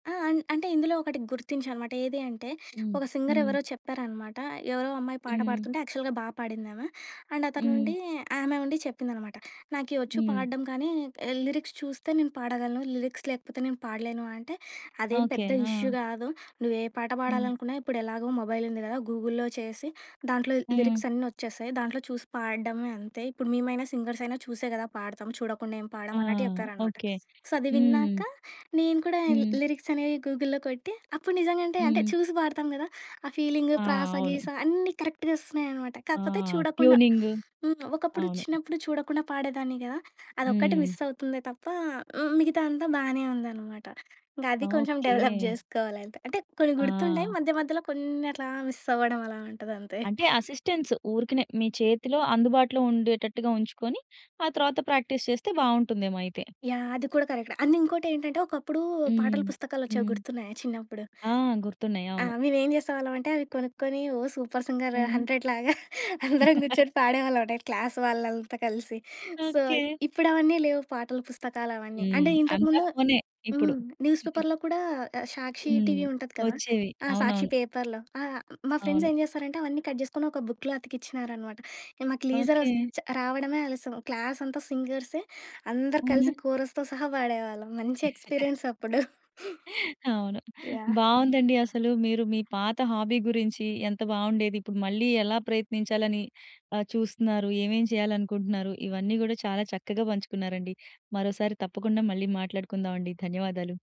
ఆ! అన్ అంటే ఇందులో ఒకటి గుర్తించా అనమాట. ఏది అంటే హ్మ్. ఒక సింగర్ హ్మ్. ఎవరో చెప్పారనమాట. ఎవరో అమ్మాయి పాట హ్మ్. పాడుతుంటే యాక్చువల్‌గా బా పాడింది ఆమా. అండ్ అతను హ్మ్. ఉండి ఆమె ఉండి చెప్పిందనమాట. "నాకేవచ్చు హ్మ్. పాడడం గానీ లిరిక్స్ చూస్తే నేను పాడగలను. లిరిక్స్ లేకపోతే నేను పాడలేను" అంటే అదేం ఓకే. పెద్ద ఆ! ఇష్యూ గాదు. నువ్వే పాట హ్మ్. పాడాలనుకున్నా ఇప్పుడు ఎలాగో మొబైల్ ఉంది గదా! గూగుల్‌లో చేసి దాంట్లో హ్మ్. లిరిక్స్ అన్నీ వచ్చేస్తాయి. దాంట్లో చూసి పాడడమే అంతే. ఇప్పుడు మేమైనా సింగర్సయినా చూసే గదా పాడతాం. చూడకుండా ఏం ఆ! పాడమన్నట్టు చెప్పారనమాట. ఓకే. సో, అది విన్నాక హ్మ్. నేను కూడా హ్మ్. లిరిక్స్ అనేవి గూగుల్‌లో కొట్టి అప్పుడు నిజంగంటే అంటే హ్మ్. చూసి పాడతాం గదా! ఆ ఫీలింగు ఆ! ప్రాసా అవును. గీస అన్నీ కరెక్ట్‌గా ఒస్తున్నాయనమాట. ఆ! కాకపోతే చూడకుండా ట్యూనింగు. హ్మ్. ఒకప్పుడు అవును. చిన్నప్పుడు చూడకుండా పాడేదాన్ని గదా! అదొక్కటి హ్మ్. మిస్ అవుతుందే తప్ప, మిగతాదంతా బానే ఉందనమాట. ఇంకా అది కొంచెం డెవలప్ ఓకే. జేసుకోవాలి అంతే. అంటే కొన్ని గుర్తుంటాయి. ఆ! మధ్య మధ్యలో కొన్ని అట్లా మిస్ అవ్వడం అలా ఉంటదంతే. అంటే అసిస్టెన్స్. ఊరికనే మీ చేతిలో అందుబాటులో ఉండేటట్టుగా ఉంచుకొని, ఆ తరువాత ప్రాక్టీస్ చేస్తే బావుంటుందేమో అయితే. యాహ్! అది కూడా కరెక్ట్. అండ్ ఇంకోటేంటంటే, ఒకప్పుడు పాటలు హ్మ్. పుస్తకాలొచ్చేవి హ్మ్. గుర్తున్నాయా చిన్నప్పుడు? ఆ! గుర్తున్నాయి. ఆ! అవును. మేము ఏం చేసేవాళ్ళం అంటే, అవి కొనుక్కొని ఓ సూపర్ సింగర్ హ్మ్. హండ్రెడ్ లాగా అందరం గూర్చొని పాడేవాళ్ళం అండి క్లాస్ వాళ్ళంతా కలిసి. So, okay. ఇప్పుడు అవన్నీ లేవు పాటల పుస్తకాలవన్నీ. హ్మ్. అంటే అంతా ఇంతకుముందు ఫోనే ఇప్పుడు. హ్మ్. న్యూస్ పేపర్‌లో కూడా సాక్షి హ్మ్. టీవీ ఉంటది కదా! ఒచ్చేవి. ఆ! సాక్షి అవునవును. పేపర్‌లో. ఆ! మా ఫ్రెండ్స్ అవును. ఏం జేస్తారంటే, అవన్నీ కట్ చేసుకొని ఒక బుక్‌లా అతికిచ్చినారనమాట. మాకు లీజర్ ఓకే. వస్ చ రావడమే ఆలస్యం క్లాస్ అంతా సింగర్సే. అందరూ హ్మ్. కలిసి కోరస్‌తో సహా పాడేవాళ్ళం మంచి ఎక్స్పీరియన్స్ అప్పుడు. అవును. యాహ్! బావుందండి అసలు. మీరు మీ పాత హాబీ గురించి ఎంత బావుండేది. ఇప్పుడు మళ్ళీ ఎలా ప్రయత్నించాలని ఆహ్, చూస్తున్నారు. ఏవేం చేయాలనుకుంటున్నారు, ఇవన్నీ గూడా చాలా చక్కగా పంచుకున్నారండి. మరోసారి తప్పకుండా మళ్ళీ మాట్లాడుకుందాం అండి. ధన్యవాదాలు.